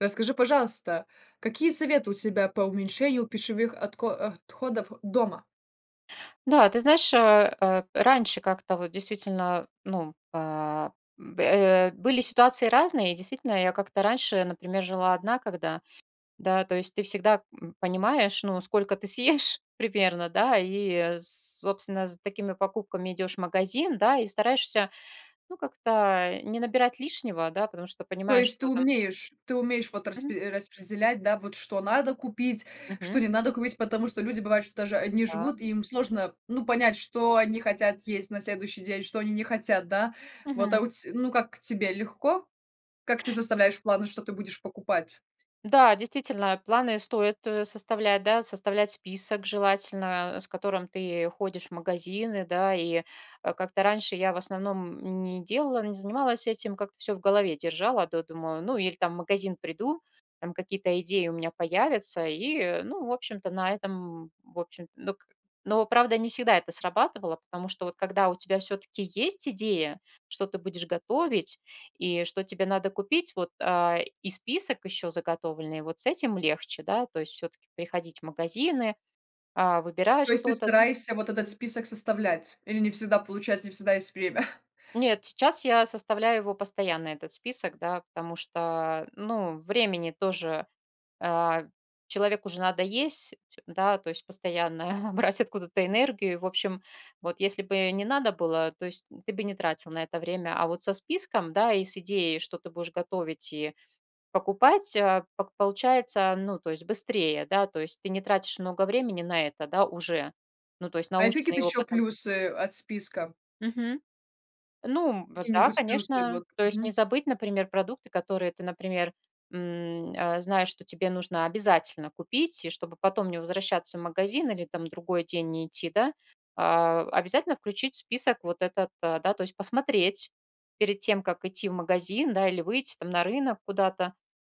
Расскажи, пожалуйста, какие советы у тебя по уменьшению пищевых отко отходов дома? Да, ты знаешь, э, раньше как-то вот действительно ну, э, бэ были ситуации разные. И действительно я как-то раньше, например, жила одна, когда, да. То есть ты всегда, м, понимаешь, ну, сколько ты съешь примерно, да, и собственно за такими покупками идешь в магазин, да. И стараешься ну, как-то не набирать лишнего, да, потому что То понимаешь, есть ты что там умеешь, ты умеешь вот Мгм. распре распределять, да, вот что надо купить, что Мгм. не надо купить, потому что люди бывают, что даже одни Да. живут, и им сложно ну понять, что они хотят есть на следующий день, что они не хотят, да, вот, а, у Мгм. тя, ну как тебе легко? Как ты составляешь планы, что ты будешь покупать? Да, действительно, планы стоит, э, составлять, да, составлять список желательно, с которым ты ходишь в магазины, да. И, э, как-то раньше я в основном не делала, не занималась этим, как-то всё в голове держала, до думаю, ну, иль там в магазин приду, там какие-то идеи у меня появятся и, ну, в общем-то на этом, в общем, док Но, правда, не всегда это срабатывало, потому что, вот когда у тебя всё-таки есть идея, что ты будешь готовить и что тебе надо купить, вот, а, и список ещё заготовленный, вот с этим легче, да, то есть всё-таки приходить в магазины, а, выбирать То есть ты что-то стараешься вот этот список составлять или не всегда получается, не всегда есть время? Нет, сейчас я составляю его постоянно этот список, да. Потому что, ну, времени тоже, э, человеку же надо есть, да, то есть постоянно брать откуда-то энергию. В общем, вот если бы не надо было, то есть ты бы не тратил на это время. А вот со списком, да, и с идеей, что ты будешь готовить и покупать, э, пок получается, ну, то есть быстрее, да. То есть ты не тратишь много времени на это, да, уже, ну, то есть А есть какие-то наученный ещё опытом. плюсы от списков? Мгм, ну, м, б да, Какие-нибудь плюсы, конечно, вот то есть не мгм. забыть, например, продукты, которые ты, например, м, э, знаешь, что тебе нужно обязательно купить, чтобы потом не возвращаться в магазин или там другой день не идти, да. А, обязательно включить в список вот этот, да, то есть посмотреть перед тем, как идти в магазин, да, или выйти там на рынок куда-то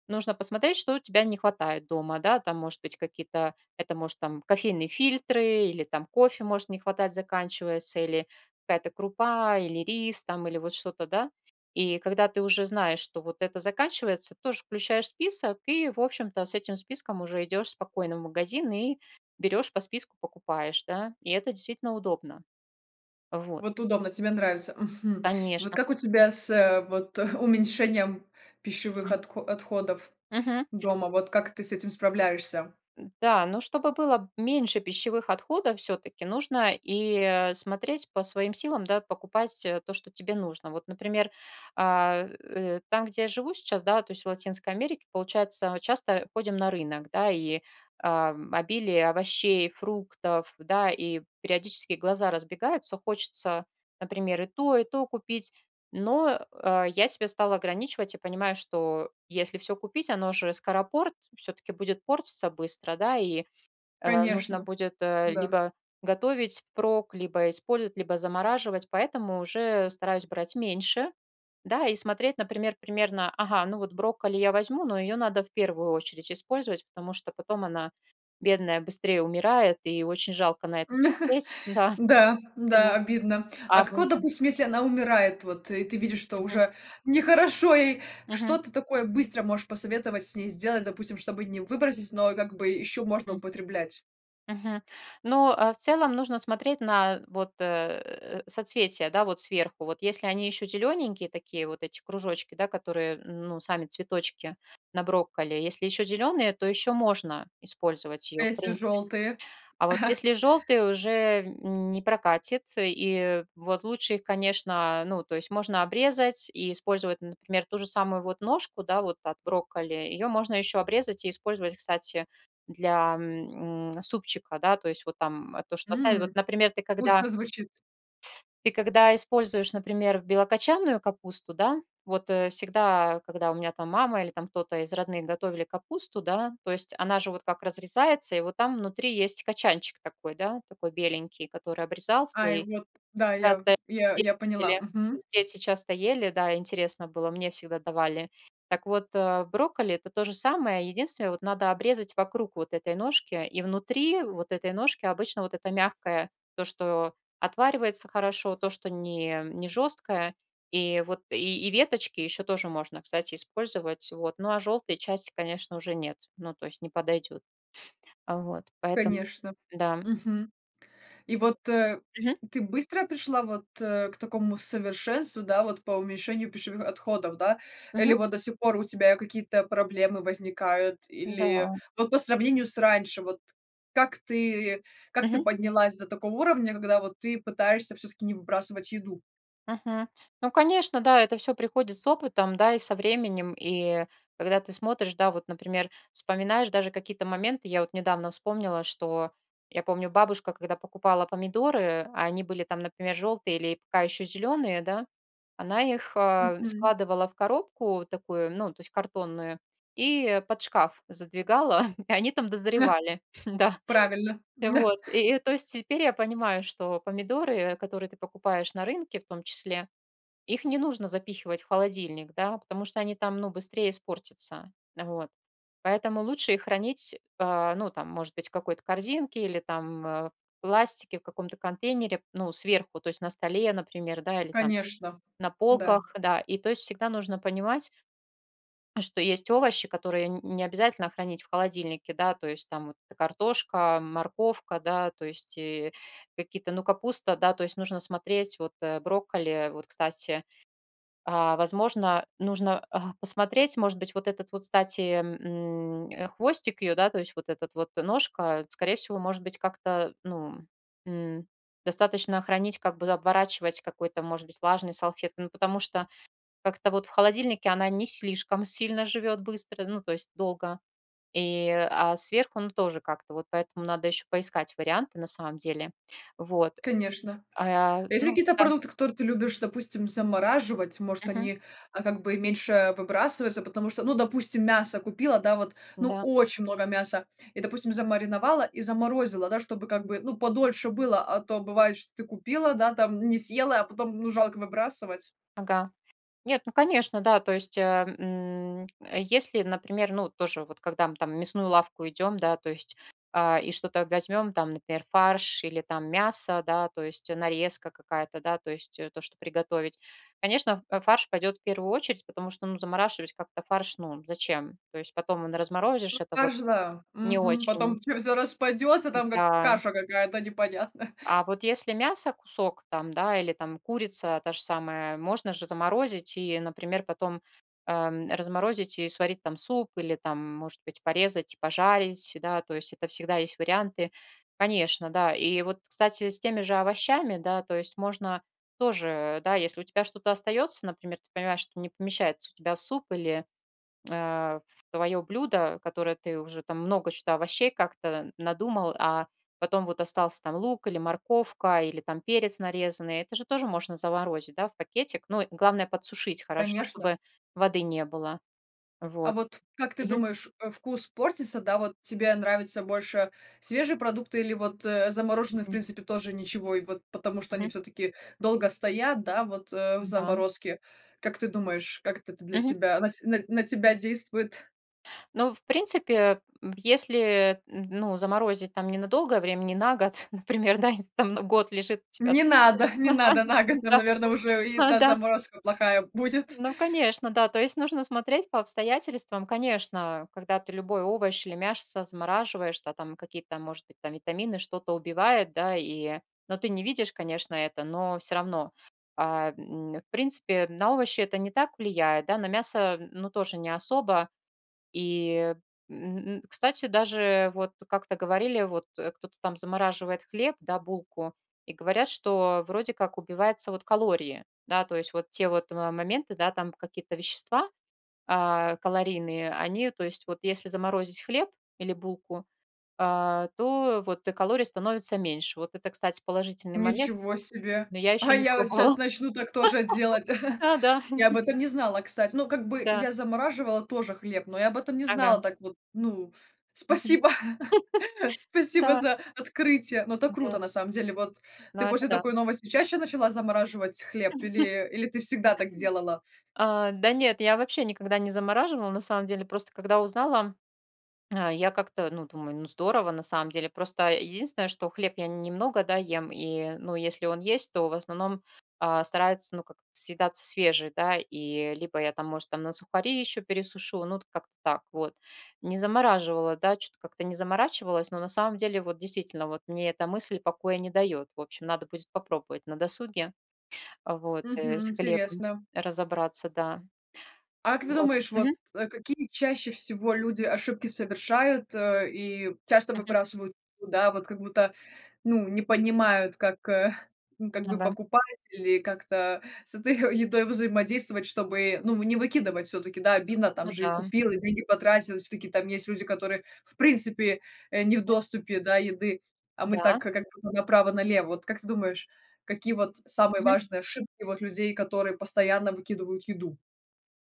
нужно посмотреть, что у тебя не хватает дома, да. Там может быть какие-то, это может там кофейные фильтры или там кофе может не хватать, заканчивается или какая-то крупа или рис там или вот что-то, да. И когда ты уже знаешь, что вот это заканчивается тоже включаешь в список и в общем-то с этим списком уже идешь спокойно в магазин и берёшь по списку покупаешь, да. И это действительно удобно. Вот. Вот удобно, тебе нравится, мгм. Вот Конечно. как у тебя с вот уменьшением пищевых Мгм. отко отходов Мгм. дома, вот как ты с этим справляешься? Да, но чтобы было меньше пищевых отходов всё-таки нужно и, э, смотреть по своим силам, да, покупать то, что тебе нужно. Вот, например, а, э, там, где я живу сейчас, да, то есть в Латинской Америке получается мы часто ходим на рынок, да. И, а, обилие овощей, фруктов, да, и периодически глаза разбегаются, хочется, например, и то, и то купить. Но, э, я себя стала ограничивать и понимаю, что если всё купить, оно же скоропорт, всё-таки будет портиться быстро, да, и, э, нужно Конечно. будет Да. либо готовить впрок, либо использовать, либо замораживать, поэтому уже стараюсь брать меньше, да. И смотреть, например, примерно, ага, ну, вот брокколи я возьму, но её надо в первую очередь использовать, потому что потом она, бедная, быстрее умирает и очень жалко на это смотреть, да. Да, да, [unintelligible] обидно. А А. как вот [unintelligible] допустим если она умирает, вот и ты видишь что Мгм. уже не хорошо ей. Мгм. Что ты такое быстро можешь посоветовать с ней сделать, допустим, чтобы не выбросить, но как бы ещё можно М. употреблять? Мгм. Но, э, в целом нужно смотреть на вот, э, соцветия, да вот, сверху. Вот если они ещё зелененькие такие вот эти кружочки, да которые, м, ну, сами цветочки на брокколи, если ещё зеленые, то ещё можно использовать А её в если принципе. жёлтые? А вот если жёлтые уже не прокатит, и вот лучше их, конечно, ну, то есть можно обрезать и использовать, например, ту же самую вот ножку, да, вот от брокколи, её можно ещё обрезать и использовать, кстати, для, м, супчика, да, то есть вот там то, что оставить. Вот, М. например ты когда Вкусно звучит. ты когда используешь, например, белокочанную капусту, да. Вот всегда, когда у меня там мама или там кто-то из родных готовили капусту, да, то есть она же вот как разрезается и вот там внутри есть кочанчик такой, да, такой беленький, который обрезался, Ай, и вот да я, часто я дети я поняла, ели, мгм. дети часто ели, да, интересно было мне всегда давали. Так вот, э, в брокколи это то же самое, единственное, вот надо обрезать вокруг вот этой ножки и внутри вот этой ножки обычно вот это мягкое, то, что отваривается хорошо, то, что не, не жёсткое и вот и веточки ещё тоже можно, кстати, использовать. Вот, ну, а жёлтые части, конечно, уже нет, ну, то есть не подойдет. Вот, поэтому, Конечно, да. мгм. И вот, э, Мгм. ты быстро пришла вот, э, к такому совершенству, да, вот по уменьшению пищевых отходов, да, или Мгм. вот до сих пор у тебя какие-то проблемы возникают или Да. вот по сравнению с раньше, вот как ты, как ты Мгм. поднялась до такого уровня, когда вот ты пытаешься всё-таки не выбрасывать еду? Мгм. Ну, конечно, да, это всё приходит с опытом, да, и со временем. И когда ты смотришь, да, вот, например, вспоминаешь даже какие-то моменты. Я вот недавно вспомнила, что я помню бабушка, когда покупала помидоры, а они были там, например, жёлтые или пока ещё зеленые, да, она их Мгм. складывала в коробку такую, ну, то есть картонную и под шкаф задвигала, и они там дозревали, да. Правильно. Вот и то есть теперь я понимаю, что помидоры, которые ты покупаешь на рынке в том числе, их не нужно запихивать в холодильник, да, потому что они там, ну быстрее испортятся, вот. Поэтому лучше их хранить, а, ну, там может быть в какой-то корзинке или там, э, в пластике в каком-то контейнере ну сверху, то есть на столе, например, да или там Конечно, на да. полках, да. И то есть всегда нужно понимать, что есть овощи, которые нь не обязательно хранить в холодильнике, да. То есть там вот картошка, морковка, да, то есть и какие-то, ну, капуста, да, то есть нужно смотреть. Вот брокколи, вот, кстати, а, возможно нужно, а, посмотреть, может быть, вот этот вот, кстати, м, хвостик её, да, то есть вот этот вот ножка, скорее всего, может быть, как-то, ну, м, достаточно хранить, как бы оборачивать какой-то может быть влажной салфеткой. Ну потому что как-то вот в холодильнике она не слишком сильно живёт быстро, ну, то есть долго, и, а сверху ну тоже как-то вот. Поэтому надо ещё поискать варианты на самом деле. Вот, Конечно. э, Есть ну какие-то да. продукты, которые ты любишь, допустим, замораживать? Может Мгм. они, а как бы и меньше выбрасываются, потому что, ну, допустим, мясо купила, да вот, ну Да. очень много мяса и, допустим, замариновала и заморозила, да, чтобы как бы ну подольше было. А то бывает, что ты купила, да, там не съела, а потом ну жалко выбрасывать. Ага. Нет, ну конечно, да, то есть, э, м, э, если, например, ну тоже вот когда мы там в мясную лавку идем, да, то есть, а, и что-то возьмем там, например, фарш или там мясо, да, то есть нарезка какая-то, да, то есть, э, то, что приготовить. Конечно, в фарш пойдет в первую очередь, потому что, ну, замораживать как-то фарш, ну, зачем, то есть потом он Ну, разморозишь, это вот фарш да, не мгм, очень. потом всё всё распадется там, как Да. каша какая-то непонятно. А вот если мясо кусок, там, да, или там курица та же самая, можно же заморозить и, например, потом, ам, разморозить и сварить там суп или там, может быть, порезать и пожарить, да, то есть это всегда есть варианты. Конечно, да, и вот, кстати, с теми же овощами, да, то есть можно тоже, да, если у тебя что-то остается, например, ты понимаешь, что не помещается у тебя в суп или, э, в твое блюдо, которое ты уже там много чё-то овощей как-то надумал, а потом вот остался там лук, или морковка, или там перец нарезанный- это же тоже можно заморозить, да, в пакетик? Ну и главное- подсушить хорошо, Конечно. чтобы воды не было. А Вот. вот как ты Мгм. думаешь, э, вкус портится, да? Вот тебе нравится больше свежие продукты или вот, э, замороженные, в Мгм. принципе, тоже ничего? И вот потому что они Мгм. всё-таки долго стоят, да, вот, э, в М-да. заморозке. Как ты думаешь, как это то для Мгм. тебя на ть на на тебя действует? Ну, в принципе, э, м, если, м, ну, заморозить там ненадолгое время, не на год, например, да, если там на год лежит у тебя Не там. надо, не надо Ага, на год, нам, да. наверно, уже и Да, да, да. заморозка плохая будет. Ну, конечно, да, то есть нужно смотреть по обстоятельствам. Конечно, когда ты любой овощ или мясо замораживаешь, да, там какие-то, может быть, там витамины что-то убивает, да, и Ну, ты не видишь, конечно, это, но всё равно. А, м, в принципе, м, на овощи это не так влияет, да, на мясо, м, ну, тоже не особо. И, м, кстати, даже вот как-то говорили вот, э, кто-то там замораживает хлеб, да, булку, и говорят, что вроде как убиваются вот калории. Да, то есть вот те вот, э, моменты, да, там какие-то вещества, а, калорийные, они, то есть вот если заморозить хлеб или булку, а, то вот и калорий становится меньше. Вот это, кстати, положительный момент, Ничего себе! но я А еще не я вот пробовала. щас начну так тоже делать! Да-да. Я об этом не знала, кстати. Ну, как бы Да. я замораживала тоже хлеб, но я об этом не Ага. знала так вот, ну, ф Мгм. Спасибо! Спасибо Да. за открытие, но это Да. круто на самом деле. Вот Ну, ты это после да. такой новости чаще начала замораживать хлеб или или ты всегда так делала? А, да нет, я вообще никогда не замораживала на самом деле, просто, когда узнала, а, я как-то, ну, думаю: "Ну, здорово на самом деле". Просто, э, единственное, что хлеб я н немного, да, ем, и, ну, если он есть, то в основном, а, старается, ну, как съедаться свежий, да. И либо я там, может, там на сухари еще пересушу, ну, вот как-то так вот. Не замораживала, да, чё-то как-то не заморачивалась, но на самом деле вот действительно вот мне эта мысль покоя не дает, в общем, надо будет попробовать на досуге вот, э, Мгм, с хлебом интересно. разобраться, да. А как ты Вот. думаешь, вот, Мгм. а, какие чаще всего люди ошибки совершают, э, и часто Мгм. выбрасывают? Ну да, вот как будто, ну, не понимают, как, э, ну, как Ну бы да. покупать или как-то с этой едой взаимодействовать, чтобы, ну, вы не выкидывать всё-таки. Да, обидно: там Ну же и да. купил, и деньги потратил, и всё-таки там есть люди, которые, в принципе, э, не в Мгм. доступе, да, еды, а мы так, Да. как как будто бы, направо-налево. Вот как ты думаешь, какие вот самые Мгм. важные ошибки вот людей, которые постоянно выкидывают еду?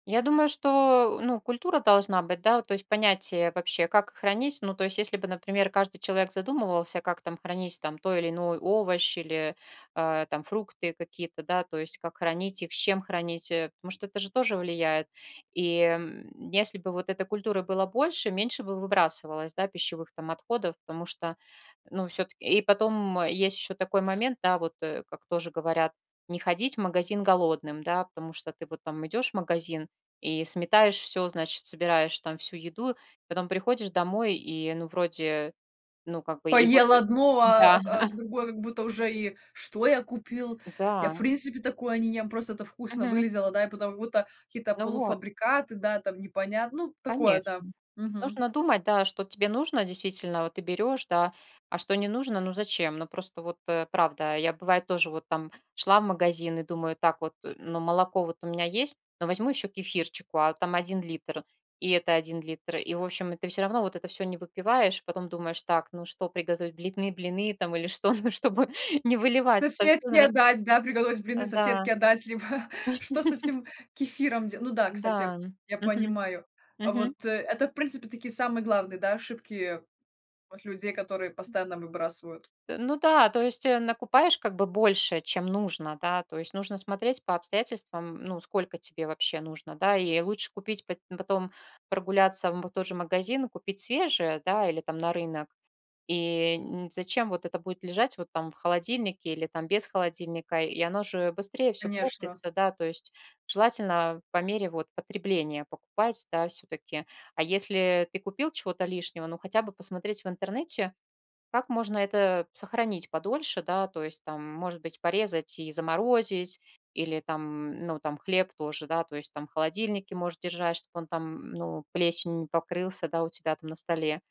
Я думаю, что, э, ну, культура должна быть, да, то есть понятие вообще, как хранить. Ну, то есть, если бы, например, каждый человек задумывался, как там хранить там той или иной овощ или, а, там фрукты какие-то, да, то есть как хранить их, с чем хранить, э. Потому что это же тоже влияет. И, м, если бы вот эта культура была больше, меньше бы выбрасывалось, да, пищевых там отходов, потому что, ну, всё-таки. И потом, м, есть еще такой момент, да, вот, э, как тоже говорят: "Не ходить в магазин голодным". Да, потому что ты вот там идешь в магазин и сметаешь всё, значит, собираешь там всю еду, и потом приходишь домой и, ну, вроде. Ну, как бы, и вот, Поел э, одно, а да. ап а другое как будто уже и: "Что я купил? Я, в Да. принципе, такое не ем, просто это вкусно Мгм. выглядело". Да и потом как будто какие-то Ну вот. полуфабрикаты, да, там непонятно, ну, такое, да. Конечно. Мгм. Нужно думать, да, что тебе нужно действительно, вот ты берешь, да, а что не нужно, ну, зачем? Ну, просто вот, э, правда, я, бывает, тоже вот там шла в магазин и думаю так вот: "Э, ну, молоко вот у меня есть, но возьму еще кефирчику". А там 1 литр, и это 1 литр, и, в общем. И ты всё равно вот это всё не выпиваешь. Потом думаешь так: "Ну, что приготовить? Блины блины там или что, ну, чтобы не выливать это всё, Соседке наверно". отдать, да, приготовить блины, А, да. соседке отдать, либо что с этим кефиром делать? Ну да, кстати, я Да. я Мгм. понимаю. А Мгм. вот, э, это, в принципе, такие самые главные, да, ошибки от людей, которые постоянно выбрасывают. Э, ну да, то есть, э, накупаешь как бы больше, чем нужно, да, то есть, нужно смотреть по обстоятельствам, ну, сколько тебе вообще нужно, да. И лучше купить, пот потом прогуляться вот в тот же магазин и купить свежее, да, или там на рынок. И н зачем вот это будет лежать вот там в холодильнике или там без холодильника, и оно же быстрее всё Конечно. портится, да, то есть. Желательно, а, по мере вот потребления покупать, да, всё-таки. А если ты купил чего-то лишнего, ну, хотя бы посмотреть в интернете, как можно это сохранить подольше, да, то есть там, может быть, порезать и заморозить или там, м, ну, там хлеб тоже, да, то есть там в холодильнике может держать, чтобы он там, м, ну, плесенью не покрылся, да, у тебя там на столе.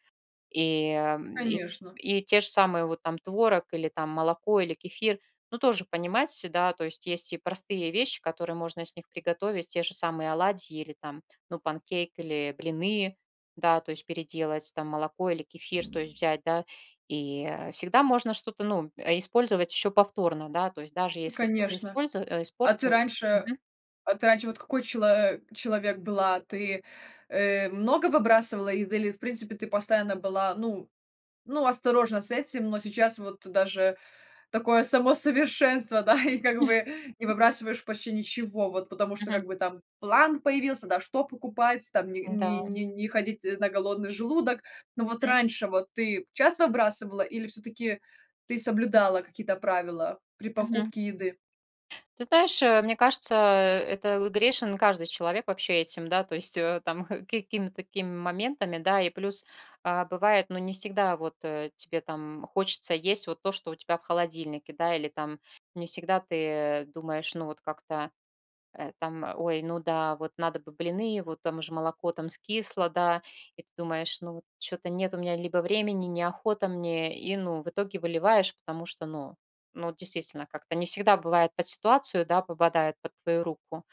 И, э, м, и Конечно. и те же самые вот там творог или там молоко или кефир. Ну, тоже понимать, да, то есть и простые вещи, которые можно с них приготовить, те же самые оладьи или там, ну, панкейк или блины. Да, то есть переделать там молоко или кефир, то есть взять, да. И, э, всегда можно что-то, ну, э, использовать ещё повторно. Да, то есть даже если что-то Конечно, использа а ты испортилось. раньше, э Мгм. а ты раньше вот какой чело а человек была? Ты, э, много выбрасывала из или, в принципе, ты постоянно была, ну ну, осторожна с этим, но сейчас вот даже такое само совершенство, да, и как бы, э, не выбрасываешь почти ничего. Вот потому что, Мгм. как бы, там план появился, да, что покупать, там ни ни М-да. ни не ходить на голодный желудок. Но вот Мгм. раньше вот ты часто выбрасывала или всё-таки ты соблюдала какие-то правила при Мгм. покупке еды? Ты знаешь, э, мне кажется, э, это, грешен каждый человек вообще этим, да, то есть, э, там, э, какими-то такими моментами, да. И плюс, а, бывает, ну, не всегда вот, э, тебе там, м, хочется есть вот то, что у тебя в холодильнике, да, или там не всегда ты думаешь, ну вот как-то, э, там: "Ой, ну да, вот надо бы блины, вот там же молоко там скисло, да". И ты думаешь: "Ну вот чё-то нет у меня либо времени, неохота мне", и, ну, в итоге выливаешь. Потому что, ну ну, действительно, как-то не всегда бывает под ситуацию, да, попадает под твою руку.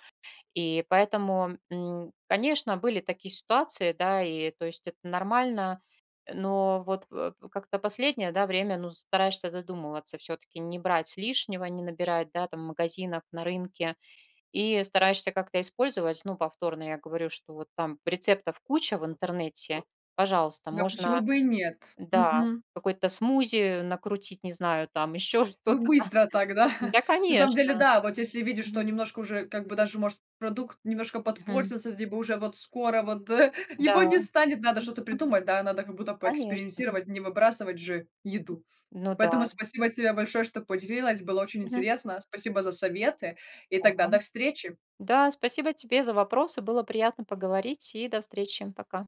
И поэтому, м, конечно, были такие ситуации, да, и, то есть, это нормально, э. Но вот, э, как-то последнее, да, время, ну, стараешься задумываться, всё-таки не брать лишнего, не набирать, да, там в магазинах, на рынке. И стараешься как-то использовать, ну, повторно, я говорю, что вот там рецептов куча в интернете, пожалуйста, Ну, а почему можно, бы и нет? да, Мгм. какой-то смузи накрутить, не знаю там, еще Ну, что-то там. быстро так, да. Да, На самом деле, конечно! да, вот если видишь, что Мгм. немножко уже, как бы, даже, может, продукт немножко Мгм. подпортится, либо уже вот скоро вот, э, его Да. не станет, надо что-то Мгм. придумать, да, надо как будто Конечно. поэкспериментировать, не выбрасывать же еду. Ну Поэтому да. спасибо тебе большое, что поделилась, было очень Мгм. интересно. Спасибо за советы, и Да тогда до встречи. да, спасибо тебе за вопросы, было приятно поговорить и до встречи. Пока.